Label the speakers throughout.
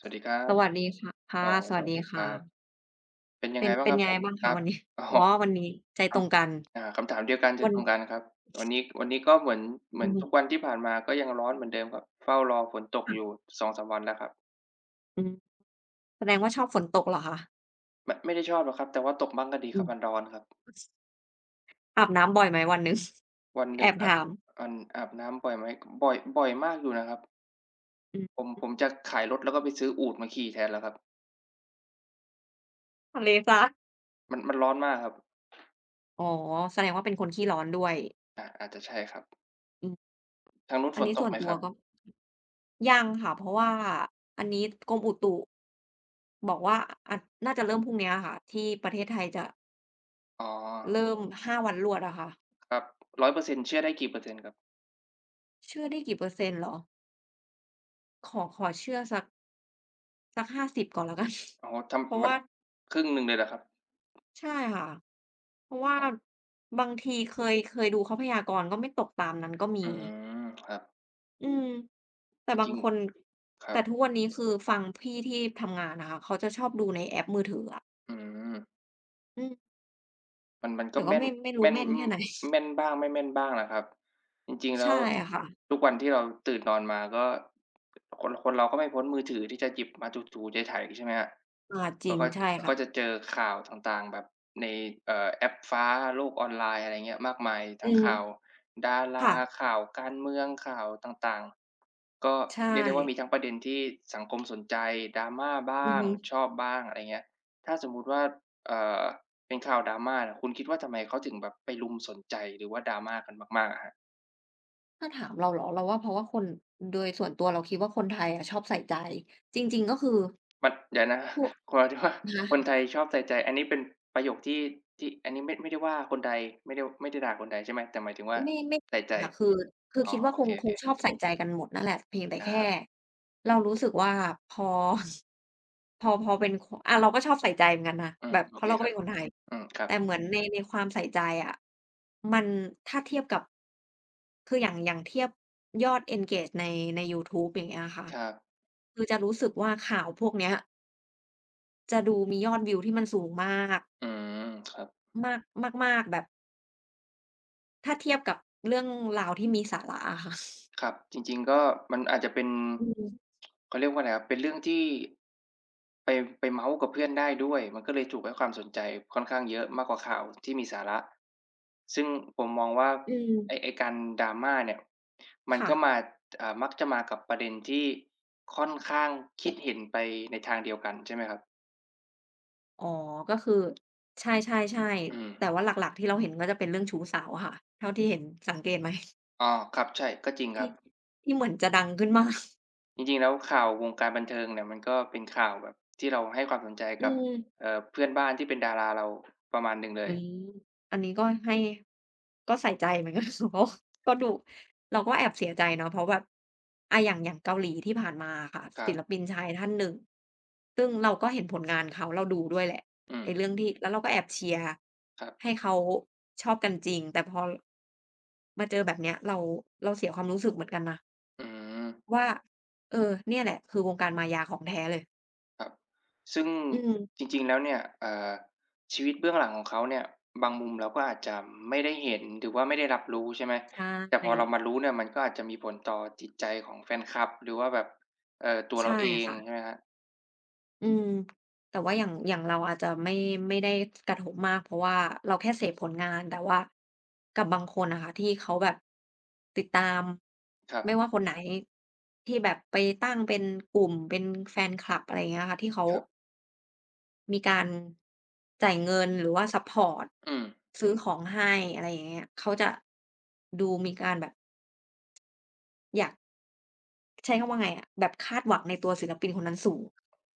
Speaker 1: สวัสดีครั
Speaker 2: ส
Speaker 1: บ
Speaker 2: วัสดีค่ะ ค่
Speaker 1: อ
Speaker 2: ะ
Speaker 1: ๋อ
Speaker 2: ส
Speaker 1: ส
Speaker 2: วัส
Speaker 1: วั
Speaker 2: ด
Speaker 1: ส
Speaker 2: ี
Speaker 1: ดี
Speaker 2: ค
Speaker 1: ค
Speaker 2: ่
Speaker 1: รับ
Speaker 2: ะ
Speaker 1: เป็นย
Speaker 2: เ
Speaker 1: ั
Speaker 2: ป
Speaker 1: ง
Speaker 2: ็
Speaker 1: ไง
Speaker 2: น
Speaker 1: บ้
Speaker 2: เ
Speaker 1: า
Speaker 2: ป
Speaker 1: ง
Speaker 2: ็
Speaker 1: ค
Speaker 2: น
Speaker 1: รับ
Speaker 2: ไง
Speaker 1: ผม?
Speaker 2: บ้างค
Speaker 1: ค
Speaker 2: ะ
Speaker 1: รั
Speaker 2: ว
Speaker 1: บ
Speaker 2: ันนี้?
Speaker 1: อ๋อ
Speaker 2: อ๋อ วันนี้ใจ
Speaker 1: คร
Speaker 2: ต
Speaker 1: ั
Speaker 2: ร
Speaker 1: บ
Speaker 2: งกัน
Speaker 1: อ่า คำถามเดียวกัน ใจ
Speaker 2: วัน
Speaker 1: ตรงกันครับ วันนี้ วันนี้ก็เหมือน เหม
Speaker 2: อื
Speaker 1: ือ
Speaker 2: อ
Speaker 1: น
Speaker 2: ฮ
Speaker 1: ทุ
Speaker 2: ึ
Speaker 1: กวันที่ผ่านมา ก็ยังร้อนเหมือนเดิมครับ เฝ้ารอฝนตก
Speaker 2: ค่ะ
Speaker 1: อยู่ 2-3 วันแล้วครับ
Speaker 2: อือ แสดงว่าชอบฝนตกเหรอคะ?
Speaker 1: ไม่ ไม่ได้ชอบหรอกครับ แต่ว่าตกบ้างก็ดี
Speaker 2: อื
Speaker 1: ครับ
Speaker 2: ม
Speaker 1: มันร้อนครับ
Speaker 2: อาบน้ำบ่อยไหมวันหนึ่ง?
Speaker 1: วันหน
Speaker 2: แอ
Speaker 1: ึ่ง
Speaker 2: บ
Speaker 1: อ
Speaker 2: ถ
Speaker 1: าบ
Speaker 2: าม
Speaker 1: อัน อาบน้ำบ่อยไหม ก บ่อย บ่อยมากอยู่นะครับ
Speaker 2: อือ
Speaker 1: ผม ผม
Speaker 2: ฮึ
Speaker 1: จะขายรถ แล้วก็ไปซื้ออูฐมาขี่แทนแล้วครับ
Speaker 2: ทะเล ซ
Speaker 1: มัน มันร้อนมากครับ
Speaker 2: อ๋อ แสดงว่าเป็นคนขี้ร้อนด้วย
Speaker 1: อา อาจจะใช่ครับ
Speaker 2: อือ
Speaker 1: ทางนู้น
Speaker 2: อั
Speaker 1: ฝ
Speaker 2: นน
Speaker 1: น
Speaker 2: ี้
Speaker 1: ต
Speaker 2: ส่
Speaker 1: ก
Speaker 2: ว
Speaker 1: ไ
Speaker 2: น
Speaker 1: หม
Speaker 2: ตั
Speaker 1: ค
Speaker 2: ว
Speaker 1: รับ?
Speaker 2: ก็ ยังค่ะ เพราะว่าอันนี้กรมอุตุ บอกว่า อ่า น่าจะเริ่มพรุ่งเนี้ยค่ะ ที่ประเทศไทยจะ
Speaker 1: อ๋
Speaker 2: เ
Speaker 1: อ
Speaker 2: ริ่ม 5 วันรวดอะค่ะ
Speaker 1: ครับ 100% เชื่อได้กี่ เปอร์เซ็นต์ครับ?
Speaker 2: เชื่อได้กี่เปอร์เซ็นต์เหรอ? ขอ ขอเชื่อสัก สัก 50 ก่อนแล้วกัน
Speaker 1: อ๋อ ท
Speaker 2: เพราะ
Speaker 1: ำ ม
Speaker 2: ว
Speaker 1: ั
Speaker 2: ่
Speaker 1: น
Speaker 2: า
Speaker 1: ครึ่งหนึ่งเลยเหรอครับ?
Speaker 2: ใช่ค่ะ เพราะว่า
Speaker 1: อ๋อ
Speaker 2: บางทีเคย เคยดูเขาพยากรณ์ ก็ไม่ตกตามนั้นก็มี
Speaker 1: อืม ครับ
Speaker 2: อืม แต่
Speaker 1: จ
Speaker 2: บา
Speaker 1: ริ
Speaker 2: ง
Speaker 1: ง
Speaker 2: คน
Speaker 1: ๆ คร
Speaker 2: แต
Speaker 1: ั
Speaker 2: ่
Speaker 1: บ
Speaker 2: ทุกวันนี้คือฟังพี่ที่ทำงานอะค่ะ เขาจะชอบดูในแอปมือถืออะ
Speaker 1: อืม
Speaker 2: อืม
Speaker 1: มัน มันก
Speaker 2: แ
Speaker 1: ็
Speaker 2: ต่
Speaker 1: แ
Speaker 2: ก
Speaker 1: ม
Speaker 2: ็
Speaker 1: ่
Speaker 2: ไ
Speaker 1: น
Speaker 2: ม่ ไม่ร
Speaker 1: แ
Speaker 2: ู
Speaker 1: ม
Speaker 2: ้
Speaker 1: ่น
Speaker 2: แม่น
Speaker 1: อ
Speaker 2: แค่ไหน?
Speaker 1: แม่นบ้างไม่แม่นบ้างนะครับ จริง ๆ แ
Speaker 2: ใ
Speaker 1: ล
Speaker 2: ช
Speaker 1: ้
Speaker 2: ่
Speaker 1: ว
Speaker 2: อะค่ะ
Speaker 1: ทุกวันที่เราตื่นนอนมาก็ คน คนเราก็ไม่พ้นมือถือที่จะหยิบมาถู ๆ ไถ ๆ ใช่ไหมครับ
Speaker 2: อา จ
Speaker 1: แล
Speaker 2: ริ
Speaker 1: ้ว
Speaker 2: ง
Speaker 1: ก็
Speaker 2: ใช่
Speaker 1: แล้ว
Speaker 2: ค่
Speaker 1: ก็จ
Speaker 2: ะ
Speaker 1: ะเจอข่าวต่าง ๆ แบบใน เอ่อ แอปฟ้า โลกออนไลน์ อะไรอย่างเงี้ยมากมาย ท
Speaker 2: อื
Speaker 1: ั้ง
Speaker 2: ม
Speaker 1: ข่าวดาร
Speaker 2: ค่
Speaker 1: า
Speaker 2: ะ
Speaker 1: ข่าวการเมือง ข่าวต่าง ๆ ก็
Speaker 2: ใช
Speaker 1: เรียกได้ว่า
Speaker 2: ่
Speaker 1: มีทั้งประเด็นที่สังคม สนใจ Drama บ้
Speaker 2: อื
Speaker 1: า
Speaker 2: อ
Speaker 1: ง
Speaker 2: ฮึ
Speaker 1: ชอบบ้าง อะไรอย่างเงี้ย ถ้าสมมุติว่า เอ่อ เป็นข่าว Drama เนี่ย คุณคิดว่าทำไมเขาถึงแบบไปรุมสนใจ หรือว่า Drama กันมาก ๆ อะฮะ?
Speaker 2: ถ้าถามเราเหรอ เราว่าเพราะว่าคน โดยส่วนตัวเราคิดว่าคนไทยอะชอบใส่ใจ จริง ๆ ก็คือ
Speaker 1: มัน เดี๋ยวนะ
Speaker 2: พวก
Speaker 1: ค หมายถึงว่า
Speaker 2: คะ?
Speaker 1: คนไทยชอบใส่ใจ อันนี้เป็นประโยคที่ ที่ อันนี้ไม่ ไม่ได้ว่าคนไทย ไม่ได้ ว ไม่ได้ด่าคนไทยใช่ไหม? แต่หมายถึงว่า
Speaker 2: ไม่
Speaker 1: ใส่
Speaker 2: ๆ
Speaker 1: ใ
Speaker 2: อ
Speaker 1: จ
Speaker 2: ะค่ะ คือ คือ
Speaker 1: อ๋อ
Speaker 2: คิดว่า
Speaker 1: โอ
Speaker 2: ค
Speaker 1: เ
Speaker 2: ง ค
Speaker 1: ค
Speaker 2: ง
Speaker 1: ๆ
Speaker 2: ชอบใส่ใจกันหมดนั่นแหละ เพียงแต่
Speaker 1: ค
Speaker 2: แ
Speaker 1: ร
Speaker 2: ค
Speaker 1: ั
Speaker 2: ่
Speaker 1: บ
Speaker 2: เรารู้สึกว่าพอ พอ พอเป็น ข อา เราก็ชอบใส่ใจเหมือนกันนะ
Speaker 1: อื
Speaker 2: แ
Speaker 1: ม
Speaker 2: บบ
Speaker 1: โอ
Speaker 2: เพรา
Speaker 1: เค
Speaker 2: ะเราก
Speaker 1: ค
Speaker 2: ็
Speaker 1: รั
Speaker 2: เป็
Speaker 1: บ
Speaker 2: นคนไทย
Speaker 1: อืม ครั
Speaker 2: แต่
Speaker 1: บ
Speaker 2: เหมือน ใน ในความใส่ใจอะ มัน ถ้าเทียบกับ คืออย่าง อย่างเทียบยอด Engage ใน ในยูทูบ อย่างเงี้ยอะค่ะ
Speaker 1: ครับ
Speaker 2: คือจะรู้สึกว่าข่าวพวกเนี้ย จะดู มียอดวิวที่มันสูงมาก
Speaker 1: อืม ครับ
Speaker 2: มาก มาก ๆ แบบ ถ้าเทียบกับเรื่องราวที่มีสาระอะค่ะ
Speaker 1: ครับ จริง ๆ ก็มันอาจจะเป็น
Speaker 2: อืม
Speaker 1: เขาเรียกว่าอะไรครับ เป็นเรื่องที่ไป ไปเม้าท์กับเพื่อนได้ด้วย มันก็เลยถูกให้ความสนใจค่อนข้างเยอะมากกว่าข่าวที่มีสาระ ซึ่งผมมองว่า
Speaker 2: อื
Speaker 1: ไอ
Speaker 2: ม
Speaker 1: ้ ไอ้การ drama เนี่ย มั
Speaker 2: ค
Speaker 1: น
Speaker 2: ่
Speaker 1: ก็
Speaker 2: ะ
Speaker 1: มา อ่า มักจะมากับประเด็นที่ค่อนข้างคิดเห็นไปในทางเดียวกัน ใช่ไหมครับ?
Speaker 2: อ๋อ ก็คือ ใช่
Speaker 1: อื
Speaker 2: ๆ ๆ แต่
Speaker 1: ม
Speaker 2: ว่าหลัก ๆ ที่เราเห็นก็จะเป็นเรื่องชู้สาวอะค่ะ เท่าที่เห็น สังเกตไหม?
Speaker 1: อ๋อ ครับ ใช่ ก็จริง
Speaker 2: ท
Speaker 1: คร
Speaker 2: ี
Speaker 1: ั
Speaker 2: ่
Speaker 1: บ
Speaker 2: ที่เหมือนจะดังขึ้น มาก
Speaker 1: จริง ๆ แล้วข่าววงการบันเทิงเนี่ย มันก็เป็นข่าวแบบที่เราให้ความสนใจ
Speaker 2: อื
Speaker 1: กับ
Speaker 2: ม
Speaker 1: เอ่อ เพื่อนบ้านที่เป็นดาราเรา ประมาณหนึ่งเล
Speaker 2: อื
Speaker 1: ย
Speaker 2: ม อันนี้ก็ให้ ก็ใส่ใจ เหมือน กัน [unintelligible] ก็ดู เราก็แอบเสียใจเนาะ เพราะแบบ อะ อย่าง อย่างเกาหลีที่ผ่านมาอะค่ะ
Speaker 1: คร
Speaker 2: ศ
Speaker 1: ั
Speaker 2: ิ
Speaker 1: บ
Speaker 2: ลปินชายท่านหนึ่ง ซึ่งเราก็เห็นผลงานเขา เราดูด้วยแหละ
Speaker 1: อื
Speaker 2: ไอ้
Speaker 1: ม
Speaker 2: เรื่องที่ แล้วเราก็แอบเชียร์
Speaker 1: ครับ
Speaker 2: ให้เขาชอบกันจริง แต่พอ มาเจอแบบเนี้ย เรา เราเสียความรู้สึกเหมือนกันนะ
Speaker 1: อือ
Speaker 2: ว่า เออ เนี่ยแหละ คือวงการมายาของแท้เลย
Speaker 1: ครับ ซึ่ง
Speaker 2: อืม
Speaker 1: จริง ๆ แล้วเนี่ย เอ่อ ชีวิตเบื้องหลังของเขาเนี่ย บางมุมเราก็อาจจะไม่ได้เห็น หรือว่าไม่ได้รับรู้ ใช่ไหม
Speaker 2: ใช
Speaker 1: แต่พอเรา
Speaker 2: ่
Speaker 1: มารู้เนี่ย มันก็อาจจะมีผลต่อจิตใจของแฟนคลับ หรือว่าแบบ เอ่อ ตัว
Speaker 2: ใ
Speaker 1: เ
Speaker 2: ช
Speaker 1: ร
Speaker 2: ่
Speaker 1: าเอง
Speaker 2: ค่
Speaker 1: ใช
Speaker 2: ะ
Speaker 1: ่ไหมครับ?
Speaker 2: อืม แต่ว่าอย่าง อย่างเราอาจจะไม่ ไม่ได้กระทบมาก เพราะว่าเราแค่เสพผลงาน แต่ว่ากับบางคนอะค่ะ ที่เขาแบบติดตาม
Speaker 1: ครับ
Speaker 2: ไม่ว่าคนไหนที่แบบไปตั้งเป็นกลุ่ม เป็นแฟนคลับ อะไรอย่างเงี้ยค่ะ ที่เขา
Speaker 1: ครับ
Speaker 2: มีการ จ่ายเงินหรือว่าซัปพอร์ต
Speaker 1: อือ
Speaker 2: ซื้อของให้ อะไรอย่างเงี้ย เขาจะดูมีการแบบ อยาก ใช้คำว่าไงอะ แบบคาดหวังในตัวศิลปินคนนั้นสูง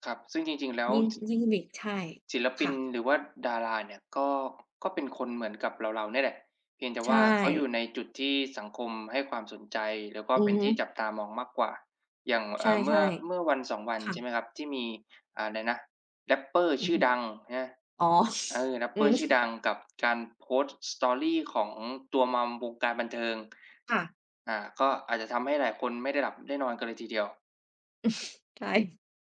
Speaker 1: ครับ ซึ่งจริง ๆ แล้ว
Speaker 2: ยิ่ง
Speaker 1: ช
Speaker 2: ยิ่งมี ใช่
Speaker 1: ศิลป
Speaker 2: ค
Speaker 1: ิ
Speaker 2: ่
Speaker 1: น
Speaker 2: ะ
Speaker 1: หรือว่าดาราเนี่ย ก็ ก็เป็นคนเหมือนกับเรา ๆ เนี่ยแหละ เพียงแต่
Speaker 2: ใช
Speaker 1: ว่าเขาอย
Speaker 2: ่
Speaker 1: ู่ในจุดที่สังคมให้ความสนใจ แล้วก็
Speaker 2: อื
Speaker 1: เป
Speaker 2: อ
Speaker 1: ็น
Speaker 2: ฮึ
Speaker 1: ที่จับตามองมากกว่า อย่าง เ
Speaker 2: ใ
Speaker 1: อ
Speaker 2: ช
Speaker 1: ่
Speaker 2: ่
Speaker 1: อ เมื่อ เมื่อ 1-2 วั
Speaker 2: ๆ
Speaker 1: น
Speaker 2: ค่
Speaker 1: ใช่ไหม
Speaker 2: ะ
Speaker 1: ครับ ที่มีอะไรนะ Rapper
Speaker 2: อื
Speaker 1: ช
Speaker 2: อ
Speaker 1: ื่
Speaker 2: ฮ
Speaker 1: อ
Speaker 2: ึ
Speaker 1: ดัง ใช่ไหม
Speaker 2: อ๋อ
Speaker 1: เออ
Speaker 2: อื
Speaker 1: Rapper
Speaker 2: ม
Speaker 1: ชื่อดังกับการโพสต์ Story ของตัว Mom วงการบันเทิง
Speaker 2: ค่ะ
Speaker 1: อ่า ก็อาจจะทำให้หลายคนไม่ได้หลับได้นอนกันเลยทีเดียว
Speaker 2: ใช่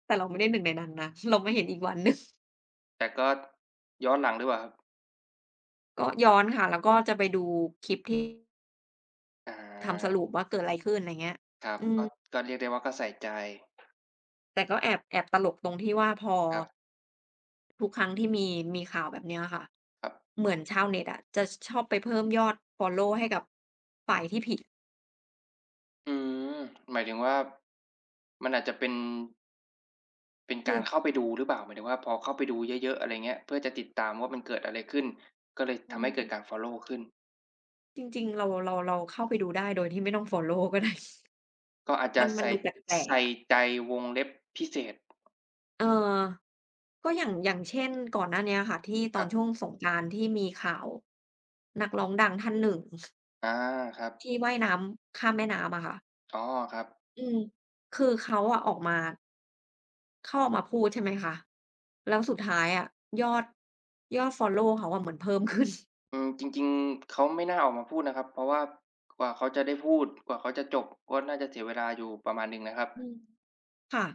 Speaker 2: แต่เราไม่ได้ 1 ในนั้นนะ เรามาเห็นอีกวันหนึ่ง
Speaker 1: แต่ก็ย้อนหลังดีกว่าครับ
Speaker 2: ก็ย้อนค่ะ แล้วก็จะไปดูคลิปที่
Speaker 1: อ
Speaker 2: ทำส
Speaker 1: า
Speaker 2: รุปว่าเกิดอะไรขึ้น อะไรอย่างเงี้ย
Speaker 1: ครับ
Speaker 2: อื
Speaker 1: ก็
Speaker 2: อ
Speaker 1: ก็เรียกได้ว่า ก็ใส่ใจ
Speaker 2: แต่ก็แอบ แอบตลกตรงที่ว่า พอ
Speaker 1: ครับ
Speaker 2: ทุกครั้งที่มี มีข่าวแบบนี้อะค่ะ
Speaker 1: ครับ
Speaker 2: เหมือนชาวเน็ตอะจะชอบไปเพิ่มยอดฟอลโลว์ให้กับฝ่ายที่ ผิด
Speaker 1: อืม หมายถึงว่า มันอาจจะเป็น เป็นก
Speaker 2: ค
Speaker 1: าร
Speaker 2: ือ
Speaker 1: เข้าไปดู หรือเปล่า หมายถึงว่าพอเข้าไปดูเยอะ ๆ อะไรอย่างเงี้ย เพื่อจะติดตามว่ามันเกิดอะไรขึ้น ก็เลย
Speaker 2: อื
Speaker 1: ทำให้เกิด
Speaker 2: ม
Speaker 1: การฟอลโลว์ ขึ้น
Speaker 2: จริง ๆ เรา เรา เราเข้าไปดูได้โดยที่ไม่ต้องฟอลโลว์ก็ได้
Speaker 1: ก็อาจจ
Speaker 2: ม
Speaker 1: ะ
Speaker 2: ัน
Speaker 1: ใ
Speaker 2: ม
Speaker 1: ส
Speaker 2: ัน
Speaker 1: ่
Speaker 2: ดูแปล
Speaker 1: ใส
Speaker 2: ก
Speaker 1: ่
Speaker 2: ๆ อะ
Speaker 1: ใจ วงเล็บพิเศษ
Speaker 2: เออ ก็อย่าง อย่างเช่น ก่อนหน้านี้อะค่ะ ที่ตอ
Speaker 1: ค
Speaker 2: นช
Speaker 1: รับ
Speaker 2: ่วงสงกรานต์ ที่มีข่าวนักร้องดังท่านหนึ่ง
Speaker 1: อา ครับ
Speaker 2: ที่ว่ายน้ำข้ามแม่น้ำอะค่ะ
Speaker 1: อ๋อ ครับ
Speaker 2: อืม คือเขาอะออกมา เขาเอามาพูด ใช่ไหมคะ แล้วสุดท้ายอะยอด ยอดฟอลโลว์เขาอะมันเพิ่มขึ้น
Speaker 1: อืม จริง ๆ เขาไม่น่าออกมาพูดนะครับ เพราะว่ากว่าเขาจะได้พูด กว่าเขาจะจบ ก็น่าจะเสียเวลาอยู่ประมาณหนึ่งเลยครับ
Speaker 2: อืม ค่ะ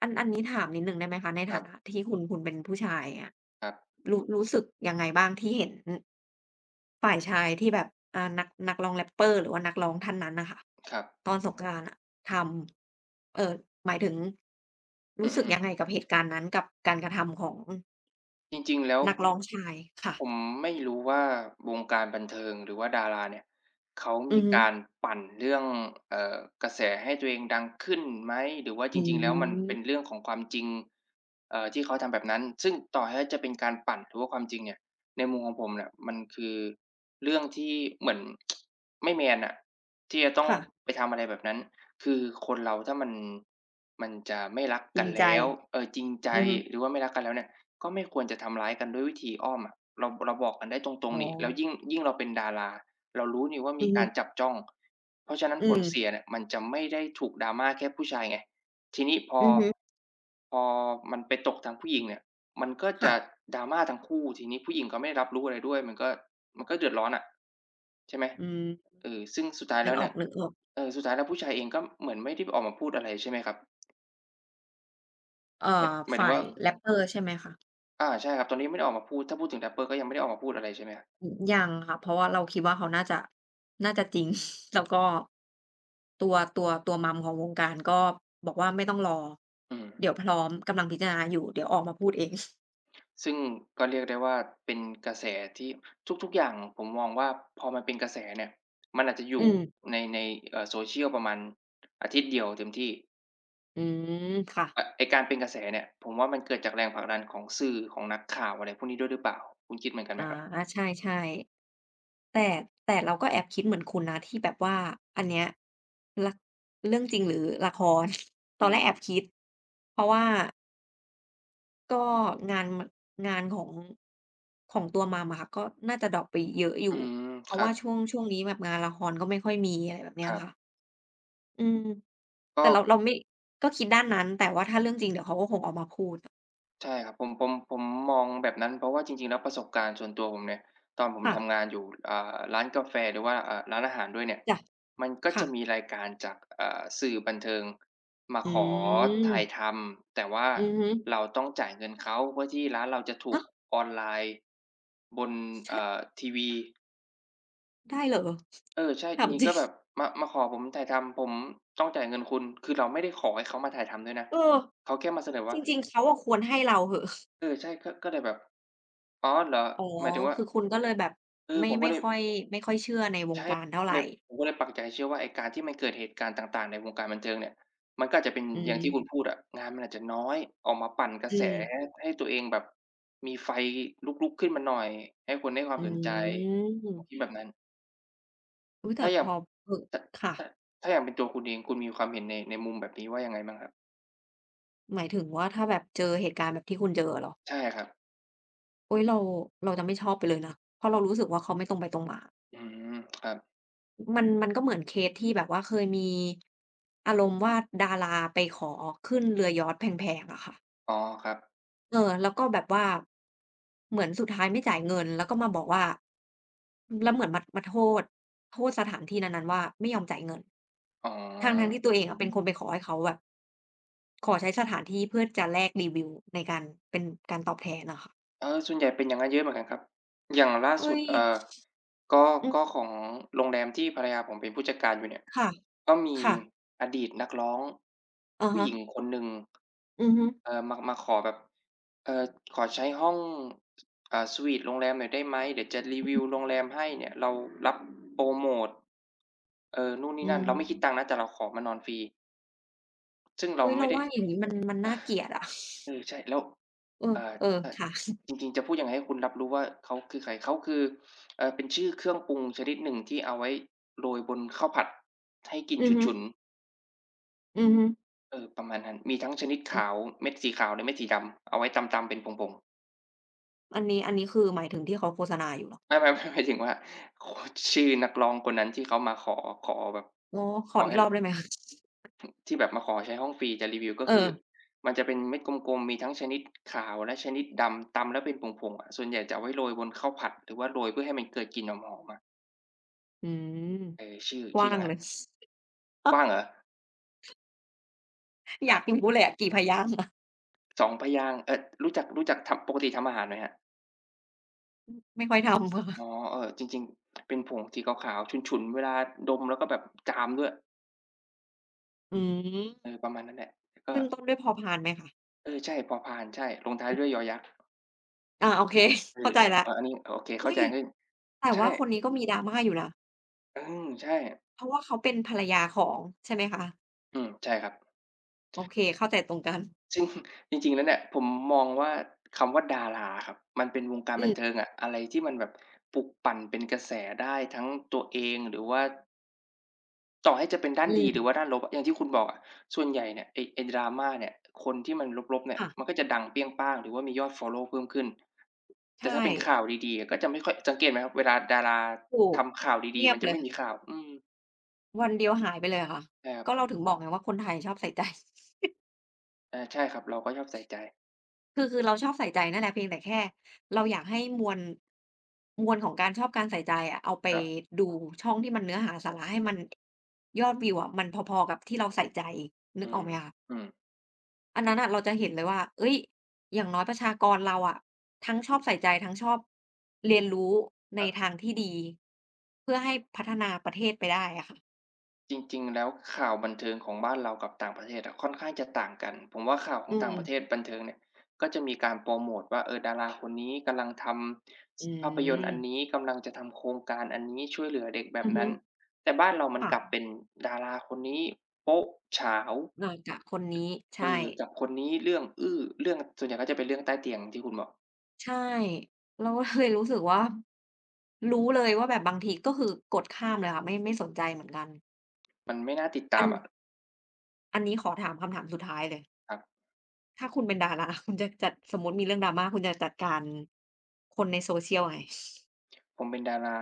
Speaker 2: อัน อันนี้ถามนิดหนึ่งได้ไหมคะ ใน
Speaker 1: ค
Speaker 2: ฐ
Speaker 1: รั
Speaker 2: า
Speaker 1: บ
Speaker 2: นะที่คุณ คุณเป็นผู้ชาย เงี้ย
Speaker 1: ครับ
Speaker 2: รู้ รู้สึกยังไงบ้าง ที่เห็น ห ฝ่ายชายที่แบบ อ่า นัก นักร้อง Rapper หรือว่านักร้องท่านนั้นน่ะค่ะ
Speaker 1: ครับ
Speaker 2: ตอนสงกรานต์อะทำ เอ่อ หมายถึง ร
Speaker 1: อ
Speaker 2: ู
Speaker 1: ื
Speaker 2: ้สึก
Speaker 1: อ
Speaker 2: ยั
Speaker 1: ๆ
Speaker 2: ง
Speaker 1: ๆ
Speaker 2: ไงกับเหตุการณ์นั้น? กับการกระทำของ
Speaker 1: จริง ๆ แล้ว
Speaker 2: นักร้องชาย ค่ะ
Speaker 1: ผมไม่รู้ว่าวงการบันเทิงหรือว่าดาราเนี่ย เขา
Speaker 2: อื
Speaker 1: มี
Speaker 2: อฮึ
Speaker 1: การปั่นเรื่อง เอ่อ กระแสให้ตัวเองดังขึ้นไหม หรือว่า
Speaker 2: อ
Speaker 1: จ
Speaker 2: ื
Speaker 1: ริง ๆ แล้ว มันเป็น
Speaker 2: ม
Speaker 1: เรื่องของความจริง เอ่อ ที่เขาทำแบบนั้น ซึ่งต่อให้จะเป็นการปั่น หรือว่าความจริงเนี่ย ในมุมของผมเนี่ยมันคือเรื่องที่เหมือน ไม่แมนอะ ที่จะต้
Speaker 2: ค
Speaker 1: อง
Speaker 2: ่ะ
Speaker 1: ไปทำอะไรแบบนั้น คือคนเราถ้ามัน มันจะไม่รัก
Speaker 2: จ
Speaker 1: ก
Speaker 2: ริ
Speaker 1: ัน
Speaker 2: งใ
Speaker 1: แล
Speaker 2: จ
Speaker 1: ้ว เออ จริงใจ
Speaker 2: อือฮึ
Speaker 1: หรือว่าไม่รักกันแล้วเนี่ย ก็ไม่ควรจะทำร้ายกันด้วยวิธีอ้อมอะ เรา เราบอกกันได้ตร
Speaker 2: อ๋
Speaker 1: ง ๆ หนิ แล้ว
Speaker 2: อ
Speaker 1: ยิ่ง ยิ่งเราเป็นดารา เรารู้หนิว่า
Speaker 2: อื
Speaker 1: มี
Speaker 2: อฮ
Speaker 1: กา
Speaker 2: ึ
Speaker 1: รจับจ้อง เพราะฉะนั้น
Speaker 2: อื
Speaker 1: ผ
Speaker 2: ม
Speaker 1: ลเสียเนี่ย มันจะไม่ได้ถูก drama แค่ผู้ชายไง ทีนี้ พอ
Speaker 2: อือฮึ
Speaker 1: พอมันไปตกทางผู้หญิงเนี่ย มันก็
Speaker 2: ค
Speaker 1: จ
Speaker 2: ่
Speaker 1: ะ
Speaker 2: ะ
Speaker 1: drama ทั้งคู่ ทีนี้ผู้หญิงก็ไม่รับรู้อะไรด้วย มันก็ มันก็เดือดร้อนอะ ใช่ไหม
Speaker 2: อืม
Speaker 1: เออ ซึ่งสุดท้าย
Speaker 2: น
Speaker 1: แ
Speaker 2: ึ
Speaker 1: ล้
Speaker 2: ก
Speaker 1: วเ
Speaker 2: อ
Speaker 1: นี่ย
Speaker 2: อก ๆ
Speaker 1: เออ สุดท้ายแล้ว ผู้ชายเองก็เหมือนไม่ได้ออกมาพูดอะไร ใช่ไหมครับ?
Speaker 2: เอ่อ
Speaker 1: หมาย หมาย
Speaker 2: ฝ
Speaker 1: ถึ
Speaker 2: ่า
Speaker 1: งว่า
Speaker 2: ย Rapper ใช่ไหมคะ?
Speaker 1: อา ใช่ครับ ตอนนี้ไม่ได้ออกมาพูด ถ้าพูดถึง Rapper ก็ยังไม่ได้ออกมาพูดอะไร ใช่ไหมครับ?
Speaker 2: อือ ยังค่ะ เพราะว่าเราคิดว่า เขาน่าจะ น่าจะจริง แล้วก็ ตัว ตัว ตัว Mom ของวงการก็บอกว่า ไม่ต้องรอ
Speaker 1: อืม
Speaker 2: เดี๋ยวพร้อม กำลังพิจารณาอยู่ เดี๋ยวออกมาพูดเอง
Speaker 1: ซึ่งก็เรียกได้ว่าเป็นกระแสที่ ทุก ๆ อย่างผมมองว่า พอมันเป็นกระแสเนี่ย มันอาจจะอย
Speaker 2: อ
Speaker 1: ู
Speaker 2: ื
Speaker 1: ่
Speaker 2: ม
Speaker 1: ใน ใน เอ่อ Social ประมาณอาทิตย์เดียวเต็มที่
Speaker 2: อืม ค่ะ
Speaker 1: อะ ไอ้การเป็นกระแสเนี่ย ผมว่ามันเกิดจากแรงผลักดันของสื่อ ของนักข่าว อะไรพวกนี้ด้วยหรือเปล่า คุณคิดเหมือนกันไ
Speaker 2: อ
Speaker 1: หม
Speaker 2: า
Speaker 1: ครับ?
Speaker 2: ใช่ ๆ แต่ แต่เราก็แอบคิดเหมือนคุณนะ ที่แบบว่าอันเนี้ย ระ เรื่องจริงหรือละคร ต
Speaker 1: อื
Speaker 2: อนแรกแอ
Speaker 1: ม
Speaker 2: บคิด เพราะว่า ก็งานมัน งานของ ของตัว Mom อะค่ะ ก็น่าจะดร็อปไปเยอะอย
Speaker 1: อื
Speaker 2: ู่
Speaker 1: ม
Speaker 2: เพร
Speaker 1: ค
Speaker 2: าะ
Speaker 1: ร
Speaker 2: ว
Speaker 1: ั
Speaker 2: ่า
Speaker 1: บ
Speaker 2: ช่วง ช่วงนี้แบบงานละครก็ไม่ค่อยมี อะไรแบบเนี้
Speaker 1: ค
Speaker 2: ย
Speaker 1: รั
Speaker 2: ค
Speaker 1: บ
Speaker 2: ่ะ อืม
Speaker 1: ก
Speaker 2: แต่เรา
Speaker 1: ็
Speaker 2: เราไม่ ก็คิดด้านนั้น แต่ว่าถ้าเรื่องจริงเดี๋ยวเขาก็คงออกมาพูดอะ
Speaker 1: ใช่ครับ ผม ผม ผมมองแบบนั้น เพราะว่าจริง ๆ แล้วประสบการณ์ส่วนตัวผมเนี่ย ตอนผม
Speaker 2: ค่
Speaker 1: ท
Speaker 2: ะ
Speaker 1: ำงานอยู่ อ่า ร้านกาแฟ หรือว่า อ่า ร้านอาหารด้วยเนี่ย
Speaker 2: จ้ะ
Speaker 1: มันก็
Speaker 2: ค
Speaker 1: จ
Speaker 2: ่
Speaker 1: ะม
Speaker 2: ะ
Speaker 1: ีรายการจาก อ่า สื่อบันเทิง มา
Speaker 2: อื
Speaker 1: ขอถ่าย
Speaker 2: ม
Speaker 1: ทำ แต่ว่า
Speaker 2: อือฮึ
Speaker 1: เราต้องจ่ายเงินเขา เพื่อที่ร้านเราจะถู
Speaker 2: ฮ
Speaker 1: ก
Speaker 2: ะ
Speaker 1: ออนไลน์บน เอ่
Speaker 2: ช
Speaker 1: อ ทีวี
Speaker 2: ได้เหรอ?
Speaker 1: เออ ใช่
Speaker 2: ถ
Speaker 1: จ
Speaker 2: า
Speaker 1: ร
Speaker 2: ม
Speaker 1: ิง
Speaker 2: จ
Speaker 1: ๆ
Speaker 2: ริ
Speaker 1: ก็แบบ
Speaker 2: ง
Speaker 1: มา มาขอผมถ่ายทำ ผมต้องจ่ายเงินคุณ คือเราไม่ได้ขอให้เขามาถ่ายทำด้วยนะ
Speaker 2: เออ
Speaker 1: เขาแค่มาเสนอว่
Speaker 2: จ
Speaker 1: า
Speaker 2: ริง ๆ เขาอะควรให้เราเถอะ
Speaker 1: เออ ใช่ ก็ ก็เลยแบบ "อ๋อ เหรอ?"
Speaker 2: อ๋อ
Speaker 1: หมายถึงว่า
Speaker 2: คือคุณก็เลยแบบ
Speaker 1: คือ
Speaker 2: ไม่
Speaker 1: ผม
Speaker 2: ไ
Speaker 1: ก
Speaker 2: ม
Speaker 1: ็
Speaker 2: ่
Speaker 1: เลย
Speaker 2: ค่อย ไม่ค่อยเชื่อในว
Speaker 1: ใช
Speaker 2: ง
Speaker 1: ่
Speaker 2: การเท่า
Speaker 1: ผม
Speaker 2: ไ
Speaker 1: ก
Speaker 2: ร
Speaker 1: ็เลย ผมก็เลยปักใจเชื่อว่าไอ้การที่มันเกิดเหตุการณ์ต่าง ๆ ในวงการบันเทิงเนี่ย มันก็อาจจะเป็น
Speaker 2: อื
Speaker 1: อย่าง ที่
Speaker 2: ม
Speaker 1: คุณพูดอะ งานมันอาจจะน้อย ออกมาปั่นกระ
Speaker 2: อ
Speaker 1: แส
Speaker 2: ืม
Speaker 1: ให้ตัวเองแบบมีไฟลุก ๆ ขึ้นมาหน่อย ให้คนได้ความ
Speaker 2: อื
Speaker 1: สนใจ ผม
Speaker 2: ม
Speaker 1: คิดแบบนั้น
Speaker 2: อุ๊ย แต
Speaker 1: ถ
Speaker 2: ่
Speaker 1: ้าอย่
Speaker 2: พ
Speaker 1: าง
Speaker 2: อ ห
Speaker 1: ถ
Speaker 2: ค่
Speaker 1: ถ
Speaker 2: ะ
Speaker 1: ถ้าอย่างเป็นตัวคุณเอง คุณมีความเห็นใน ในมุมแบบนี้ว่ายังไงบ้างครับ?
Speaker 2: หมายถึงว่าถ้าแบบเจอเหตุการณ์แบบที่คุณเจออะเหรอ?
Speaker 1: ใช่ครับ
Speaker 2: อุ๊ย เรา เราจะไม่ชอบไปเลยนะ เพราะเรารู้สึกว่าเขาไม่ตรงไปตรงมา
Speaker 1: อืม ครับ
Speaker 2: อ มัน มันก็เหมือนเคสที่แบบว่าเคยมี อารมณ์ว่า ดาราไปขอขึ้น เรือยอช์ตแพง ๆ อะค่ะ
Speaker 1: อ๋อ ครับ
Speaker 2: เออ แล้วก็แบบว่า เหมือนสุดท้ายไม่จ่ายเงิน แล้วก็มาบอกว่า แล้วเหมือนมา มา โทษ โทษสถานที่นั้น ๆ ว่าไม่ยอมจ่ายเงิน
Speaker 1: อ๋อ
Speaker 2: ทั้ง ๆ ที่ ตัวเองอะเป็นคนไปขอให้เขาแบบ ขอใช้สถานที่ เพื่อจะแลกรีวิวในการ เป็นการตอบแทนน่ะค่ะ
Speaker 1: เออ ส่วนใหญ่เป็น อย่างนั้นเยอะเหมือนกันครับ อย่างล่า
Speaker 2: เอ๊
Speaker 1: สุด
Speaker 2: ย
Speaker 1: เอ่อ ก็
Speaker 2: อื
Speaker 1: ก
Speaker 2: ม
Speaker 1: ็ของโรงแรมที่ภรรยาผมเป็นผู้จัดการอยู่เนี่ย
Speaker 2: ค่ะ
Speaker 1: ก็มี
Speaker 2: ค่ะ
Speaker 1: อดีตนักร้อง
Speaker 2: อะ
Speaker 1: ผู
Speaker 2: ฮ
Speaker 1: ้หญิ
Speaker 2: ะ
Speaker 1: งคนหนึ่ง
Speaker 2: อือฮึ
Speaker 1: เอ่อ มา มาขอแบบ เอ่อ "ขอใช้ห้อง เอ่อ สวีตโรงแรมหน่อยได้ไหม เดี๋ยวจะรี
Speaker 2: อื
Speaker 1: ว
Speaker 2: อฮ
Speaker 1: ิ
Speaker 2: ึ
Speaker 1: วโรงแรมให้เนี่ย เรารับโพรโมต" เออ นู่นน
Speaker 2: อ
Speaker 1: ี
Speaker 2: ื
Speaker 1: ่นั่น "เราไม่คิด
Speaker 2: ม
Speaker 1: ตังค์นะ แต่เราขอมานอนฟรี" ซึ่งเร
Speaker 2: อ
Speaker 1: า
Speaker 2: ุ๊ย
Speaker 1: ไ
Speaker 2: เ
Speaker 1: ม
Speaker 2: ร
Speaker 1: ่
Speaker 2: า
Speaker 1: ได้
Speaker 2: ว่าอย่างนี้ มัน มันน่าเกลียดอะ
Speaker 1: เออ ใช่ แล้ว
Speaker 2: เออ
Speaker 1: เอ่
Speaker 2: เออ
Speaker 1: อ อ
Speaker 2: ค่ะ
Speaker 1: จริง ๆ จะพูดยังไงให้คุณรับรู้ว่า เขาคือใคร เขาคือ เอ่อ เป็นชื่อเครื่องปรุงชนิดหนึ่งที่เอาไว้โรยบนข้าวผัดให้กลิ่น
Speaker 2: อือฮึ
Speaker 1: ฉุน ๆ
Speaker 2: อือฮึ
Speaker 1: เออ ประมาณนั้น มีทั้งชนิด
Speaker 2: อ
Speaker 1: ข
Speaker 2: ืม
Speaker 1: าว เม็ดสีขาวและเม็ดสีดำเอาไว้ตำ ๆ เป็นผง ๆ
Speaker 2: อันนี้ อันนี้คือหมาย ถึงที่เขาโฆษณาอยู่เหรอ?
Speaker 1: ไม่ ๆ ๆ หมายถึงว่า ค ชื่อนักร้องคนนั้นที่เขามาขอ ขอแบบ
Speaker 2: อ๋อ ข
Speaker 1: ข
Speaker 2: อ
Speaker 1: อ
Speaker 2: อี
Speaker 1: ให
Speaker 2: ก
Speaker 1: ้
Speaker 2: รอ
Speaker 1: ล
Speaker 2: บได้ไหมคะ
Speaker 1: ที่แบบมาขอใช้ห้องฟรี จะรีวิว ก็
Speaker 2: เ
Speaker 1: คือ
Speaker 2: ออ
Speaker 1: มันจะเป็นเม็ดกลม ๆ มีทั้งชนิด ขาวและชนิดดำ ตำแล้วเป็นผง ๆ อะ ส่วนใหญ่จะเอาไว้โรยบนข้าวผัด หรือว่าโรยเพื่อให้มันเกิดกลิ่นหอม ๆ อะ
Speaker 2: อืม
Speaker 1: เออ ชื่อ
Speaker 2: ก
Speaker 1: ช
Speaker 2: ว
Speaker 1: ื
Speaker 2: ้
Speaker 1: ่อ
Speaker 2: า
Speaker 1: อย่
Speaker 2: ง
Speaker 1: างงั
Speaker 2: เ
Speaker 1: ั
Speaker 2: ล
Speaker 1: ้น
Speaker 2: ย
Speaker 1: กว้างเหรอ? เ
Speaker 2: อ
Speaker 1: อ
Speaker 2: ยา
Speaker 1: อ
Speaker 2: กรู้เลยเลยอะ กี่พยางค์อะ?
Speaker 1: 2 พยางค์ เอ๊ย รู้จัก รู้จักทำ ปกติทำอาหารไหมครับ?
Speaker 2: อืม ไม่ค่อยทำ ค่ะ
Speaker 1: อ๋อ เออ จริง ๆ เป็นผงสีขาว ๆ ฉุน ๆ เวลาดม แล้วก็แบบ จามด้วย
Speaker 2: อืม
Speaker 1: เออ ประมาณนั้นแหละ แต่ก
Speaker 2: ข
Speaker 1: ็
Speaker 2: ึ้นต้นด้วย พ.พาน ไหมคะ?
Speaker 1: เออ ใช่ พ.พาน ใช่ ลงท้าย
Speaker 2: อื
Speaker 1: ด
Speaker 2: อ
Speaker 1: ้วย
Speaker 2: ฮ
Speaker 1: ย.ย
Speaker 2: ึ
Speaker 1: ักษ์
Speaker 2: อา โอเค
Speaker 1: เอ
Speaker 2: เข้
Speaker 1: อ
Speaker 2: าใจ
Speaker 1: อ้า
Speaker 2: แ
Speaker 1: ว
Speaker 2: ล้ว
Speaker 1: อา อันนี้ โอเค เ
Speaker 2: เ
Speaker 1: ข
Speaker 2: ฮ
Speaker 1: ้
Speaker 2: ่
Speaker 1: าใจ
Speaker 2: ย!
Speaker 1: ขึ้น
Speaker 2: แต่
Speaker 1: ใช
Speaker 2: ว
Speaker 1: ่
Speaker 2: ่าคนนี้ก็มีดราม่าอยู่นะ
Speaker 1: อืม ใช่
Speaker 2: เพราะว่าเขาเป็นภรรยาของ ใช่ไหมคะ?
Speaker 1: อืม ใช่ครับ
Speaker 2: โอเค เข้าใจ ตรงกัน
Speaker 1: จริง จริง ๆ แล้วเนี่ย ผมมองว่า คำว่า ดาราอะครับ มันเป็นวงการ
Speaker 2: อ
Speaker 1: บัน
Speaker 2: ืม
Speaker 1: เทิงอะ อะไรที่มันแบบ ปลุกปั่นเป็นกระแสได้ทั้งตัวเอง หรือว่า ต่อให้จะเป็นด้า
Speaker 2: อ
Speaker 1: น
Speaker 2: ื
Speaker 1: ดี หรือ
Speaker 2: ม
Speaker 1: ว่าด้านลบอะ อย่างที่คุณบอกอะ ส่วนใหญ่เนี่ย ไอ้ ไอ้ Drama เนี่ย คนที่มันลบ ๆ เนี่
Speaker 2: ค
Speaker 1: ย
Speaker 2: ่ะ
Speaker 1: มันก็จะดังเปรี้ยงปร้าง หรือว่ามียอดฟอลโลว์เพิ่มขึ้น
Speaker 2: ใ
Speaker 1: แ
Speaker 2: ช
Speaker 1: ต่ถ้าเป็นข
Speaker 2: ่
Speaker 1: ่าวดี ๆ ก็จะไม่ค่อย สังเกตไหมครับ เวลาดารา
Speaker 2: ถู
Speaker 1: ท
Speaker 2: ก
Speaker 1: ำข่าวด
Speaker 2: เง
Speaker 1: ี
Speaker 2: ี
Speaker 1: ๆ
Speaker 2: ย
Speaker 1: มั
Speaker 2: บ
Speaker 1: นจะ
Speaker 2: เล
Speaker 1: ไม
Speaker 2: ย
Speaker 1: ่มีข่าว อืม
Speaker 2: วันเดียวหายไปเลยอะค่ะ
Speaker 1: ใช่ครับ
Speaker 2: ก็เราถึงบอกไงว่า คนไทยชอบใส่ใจ
Speaker 1: อา ใช่ครับ เราก็ชอบใส่ใจ
Speaker 2: คือ ๆ เราชอบใส่ใจนั่นแหละ เพียงแต่แค่เราอยากให้มวล มวลของการชอบการใส่ใจอะ เอาไป
Speaker 1: ครับ
Speaker 2: ดูช่องที่มันเนื้อหาสาระ ให้มัน ยอดวิวอะมันพอ ๆ กับที่เราใส่ใจ นึ
Speaker 1: อื
Speaker 2: กออก
Speaker 1: ม
Speaker 2: ไหมคะ?
Speaker 1: อืม
Speaker 2: อันนั้นน่ะ เราจะเห็นเลยว่า เอ๊ย อย่างน้อยประชากรเราอะ ทั้งชอบใส่ใจ ทั้งชอบเรียนรู้ใ
Speaker 1: ค
Speaker 2: น
Speaker 1: รับ
Speaker 2: ทางที่ดี เพื่อให้พัฒนาประเทศไปได้อะค่ะ
Speaker 1: จริง ๆ แล้ว ข่าวบันเทิงของบ้านเรากับต่างประเทศอะค่อนข้างจะต่างกัน ผมว่า ข่าวข
Speaker 2: อ
Speaker 1: อ
Speaker 2: ื
Speaker 1: งต่างประ
Speaker 2: ม
Speaker 1: เทศบันเทิงเนี่ย ก็จะมีการโปรโมทว่า เออ ดาราคนนี้กำลังท
Speaker 2: อ
Speaker 1: ำ
Speaker 2: ื
Speaker 1: ส ภาพยนตร์อัน
Speaker 2: ม
Speaker 1: นี้ กำลังจะทำโครงการอันนี้ ช่วยเหลือเด็กแบ
Speaker 2: อ
Speaker 1: บ
Speaker 2: ือฮ
Speaker 1: น
Speaker 2: ึ
Speaker 1: ั้น แต่บ้านเรามั
Speaker 2: ค
Speaker 1: น
Speaker 2: ่ะ
Speaker 1: กลับเป็นดาราคนนี้โป๊ะ ฉาว
Speaker 2: นอนกับคนนี้ ใช
Speaker 1: เอ
Speaker 2: ่
Speaker 1: อ กับคนนี้ เรื่องอื้อ เรื่อง ส่วนใหญ่ ก็จะเป็นเรื่องใต้เตียงที่คุณบอก
Speaker 2: ใช่ เราก็เลยรู้สึกว่า รู้เลยว่าแบบ บางที ก็คือกดข้ามเลยค่ะ ไม่ ไม่สนใจเหมือนกัน
Speaker 1: มันไม่น่าติดต
Speaker 2: อ
Speaker 1: า
Speaker 2: ั
Speaker 1: ม
Speaker 2: น
Speaker 1: อะ
Speaker 2: อันนี้ขอถามคำถามสุดท้ายเลย
Speaker 1: ครับ
Speaker 2: ถ้าคุณเป็น ดารา คุณจะจัด สมมุติมีเรื่อง drama คุณจะจัดการ คนใน social ยังไง?
Speaker 1: ผมเป็นดารา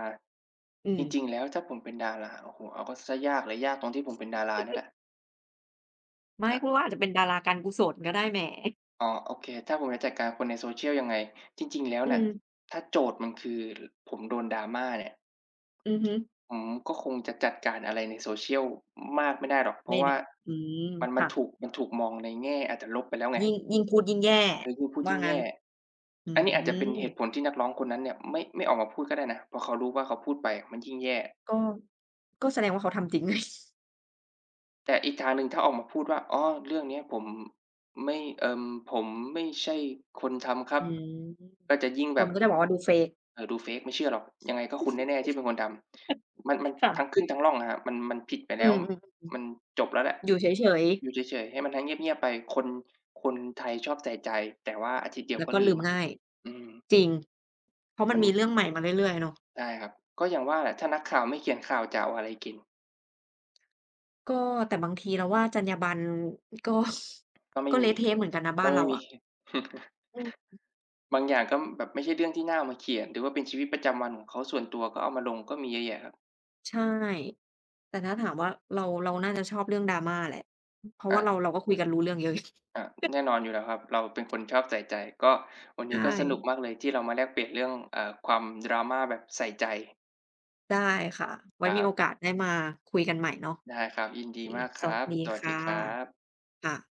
Speaker 2: อื
Speaker 1: จ
Speaker 2: ม
Speaker 1: ริง ๆ แล้ว ถ้าผมเป็นดารา โอ้โฮ เอาเข้า เสียยากเลย ยากตรงที่ผมเป็นดารานี่แหละ
Speaker 2: ไม่
Speaker 1: ครั
Speaker 2: ค
Speaker 1: บ
Speaker 2: ุณก็อาจจะเป็นดาราการกุศลก็ได้ แหม!
Speaker 1: อ๋อ โอเค ถ้าผมจะจัดการคนใน Social ยังไง? จริง ๆ แล้ว
Speaker 2: อื
Speaker 1: น่ะ
Speaker 2: ม
Speaker 1: ถ้าโจทย์มันคือ ร ผมโดน drama เนี่ย
Speaker 2: อือฮึ
Speaker 1: ผมก็คงจะจัดการอะไรใน Social มากไม่ได้หรอก เพ
Speaker 2: แ
Speaker 1: ร
Speaker 2: ม
Speaker 1: าะว
Speaker 2: แ
Speaker 1: ่
Speaker 2: น
Speaker 1: า
Speaker 2: ่ะ อืม
Speaker 1: มัน ม
Speaker 2: ค
Speaker 1: ัน
Speaker 2: ่ะ
Speaker 1: ถูก มันถูกมองในแง่ อาจจะลบไปแล้วไง
Speaker 2: ยิ่ง ยิ่งพูดยิ่งแย่
Speaker 1: คือยิ่งพูด
Speaker 2: ว
Speaker 1: ย
Speaker 2: ่
Speaker 1: ิ
Speaker 2: า
Speaker 1: ่ง
Speaker 2: ง
Speaker 1: แย
Speaker 2: ั้น
Speaker 1: ่
Speaker 2: อื
Speaker 1: อันนี้อาจจะเป็นเหตุ
Speaker 2: ม
Speaker 1: ผลที่นักร้องคนนั้นเนี่ย ไม่ ไม่ออกมาพูดก็ได้นะ เพราะเขารู้ว่าเขาพูดไปมันยิ่งแย่
Speaker 2: ก็ ก็แสดงว่าเขาทำจริง
Speaker 1: แต่อีกทางหนึ่ง ถ้าออกมาพูดว่า"อ๋อ เรื่องนี้ผม ไม่ อืม ผมไม่ใช่คนทำครั
Speaker 2: อ
Speaker 1: บ"
Speaker 2: ืม
Speaker 1: ก็จะยิ่งแ
Speaker 2: ค
Speaker 1: บบ
Speaker 2: นก็จะบอกว่าดู fake
Speaker 1: เอ่อ ดู fake "ไม่เชื่อหรอก ยังไงก็คุณแน่ ๆ ที่เป็นคนทำ" มัน มัน
Speaker 2: ค่
Speaker 1: ทั
Speaker 2: ะ
Speaker 1: ้งขึ้นทั้งล่องอะครับ มัน มันผิดไป
Speaker 2: อ
Speaker 1: แ
Speaker 2: ื
Speaker 1: ล้ว
Speaker 2: ม ๆ
Speaker 1: มันจบแล้วแหละ
Speaker 2: ๆ อยู่เฉย ๆ
Speaker 1: อยู่เฉย ๆ ให้มัน ให้เงียบ ๆ ไป คน คนไทยชอบใส่ใจ แต่ว่าอาทิตย์เดีย
Speaker 2: แ
Speaker 1: ว
Speaker 2: ล้
Speaker 1: ก
Speaker 2: ว
Speaker 1: ็
Speaker 2: ก็
Speaker 1: ลื
Speaker 2: ลื
Speaker 1: ม
Speaker 2: มง่าย
Speaker 1: อืม
Speaker 2: จริง เพราะม
Speaker 1: ม
Speaker 2: ั
Speaker 1: ั
Speaker 2: น
Speaker 1: น
Speaker 2: มีเรื่องใหม่มาเรื่อย ๆ อะเนาะ
Speaker 1: ใช่ครับ ก็อย่างว่าแหละ ถ้านักข่าวไม่เขียนข่าวจะเอาอะไรกิน?
Speaker 2: ก็ แต่บางทีเราว่าจรรยาบรรณ ก็
Speaker 1: ก็ไม
Speaker 2: ก
Speaker 1: ่
Speaker 2: ็เ
Speaker 1: ม
Speaker 2: ละ
Speaker 1: ี
Speaker 2: เทะเหมือนกันนะ บ
Speaker 1: ก
Speaker 2: ้า
Speaker 1: ็
Speaker 2: น
Speaker 1: ไม
Speaker 2: เร
Speaker 1: ่
Speaker 2: า
Speaker 1: ม
Speaker 2: อ
Speaker 1: ี
Speaker 2: ะ อือฮึ
Speaker 1: บางอย่างก็ ม แบบไม่ใช่เรื่องที่น่าเอามาเขียน หรือว่าเป็นชีวิตประจำวันของเขาส่วนตัวก็เอามาลง ก็มีเยอะแยะครับ
Speaker 2: ใช่ แต่ถ้าถามว่า เรา เราน่าจะ ชอบเรื่อง Drama แหละ อ เพราะ
Speaker 1: อ
Speaker 2: ว่าเรา
Speaker 1: า
Speaker 2: เราก็คุยกันรู้เรื่องเยอะ
Speaker 1: อา แน่นอนอยู่แล้วครับ เราเป็นคนชอบใส่ใจ ก็ วัน
Speaker 2: ใ
Speaker 1: น
Speaker 2: ช
Speaker 1: ี้ก็สนุก
Speaker 2: ่
Speaker 1: มากเลย ที่เรามาแลกเปลี่ยนเรื่อง เอ่อ ความ drama แบบใส่ใจ
Speaker 2: ได้ค่ะ ไว
Speaker 1: ค
Speaker 2: ้
Speaker 1: รั
Speaker 2: มีโอ
Speaker 1: บ
Speaker 2: กาสได้มาคุยกันใหม่เนาะ
Speaker 1: ได้ครับ ยิน
Speaker 2: โอ
Speaker 1: ดี
Speaker 2: เค
Speaker 1: มาก
Speaker 2: ส
Speaker 1: คร
Speaker 2: วัส
Speaker 1: ับ
Speaker 2: ดี
Speaker 1: สวั
Speaker 2: ค
Speaker 1: สด
Speaker 2: ่
Speaker 1: ี
Speaker 2: ะ
Speaker 1: ครับ
Speaker 2: ค่ะ